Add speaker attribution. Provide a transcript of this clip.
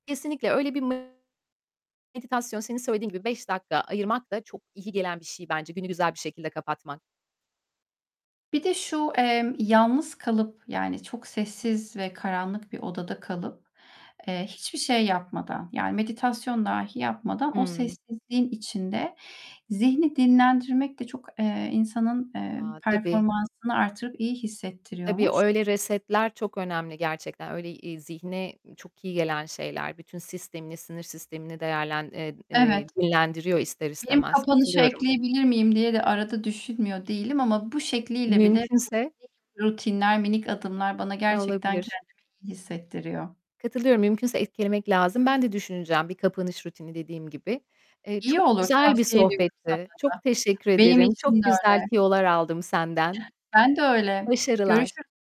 Speaker 1: Kesinlikle öyle bir me meditasyon senin söylediğin gibi 5 dakika ayırmak da çok iyi gelen bir şey bence. Günü güzel bir şekilde kapatmak.
Speaker 2: Bir de şu, emm, yalnız kalıp yani çok sessiz ve karanlık bir odada kalıp, eee, hiçbir şey yapmadan yani meditasyon dahi yapmadan o
Speaker 1: Hımm.
Speaker 2: sessizliğin içinde zihni dinlendirmek de çok, eee, insanın, eee,
Speaker 1: A! Tabii.
Speaker 2: performansını artırıp iyi
Speaker 1: Tabii o
Speaker 2: hissettiriyormuş.
Speaker 1: öyle resetler çok önemli gerçekten. Öyle, iii, zihne, iii, çok iyi gelen şeyler. Bütün sistemini, sinir sistemini değerlen eee,
Speaker 2: Evet.
Speaker 1: eee, dinlendiriyor ister
Speaker 2: Benim
Speaker 1: istemez.
Speaker 2: kapanışa
Speaker 1: Katılıyorum.
Speaker 2: ekleyebilir miyim diye de arada düşünmüyor değilim ama bu şekliyle bile
Speaker 1: Mümkünse
Speaker 2: bu [unintelligible] rutinler, minik adımlar bana
Speaker 1: Eee,
Speaker 2: gerçekten
Speaker 1: olabilir.
Speaker 2: kendimi iyi hissettiriyor.
Speaker 1: Katılıyorum mümkünse eklemek lazım. Ben de düşüneceğim bir kapanış rutini dediğim gibi. Eee,
Speaker 2: İyi
Speaker 1: çok
Speaker 2: olur
Speaker 1: güzel bir
Speaker 2: tavsiye ediyorum
Speaker 1: sohbetti. Çok
Speaker 2: sana da.
Speaker 1: teşekkür
Speaker 2: Benim
Speaker 1: ederim.
Speaker 2: için
Speaker 1: Çok
Speaker 2: de
Speaker 1: güzel
Speaker 2: öyle.
Speaker 1: tüyolar aldım senden.
Speaker 2: Ben de öyle.
Speaker 1: Başarılar.
Speaker 2: Görüşür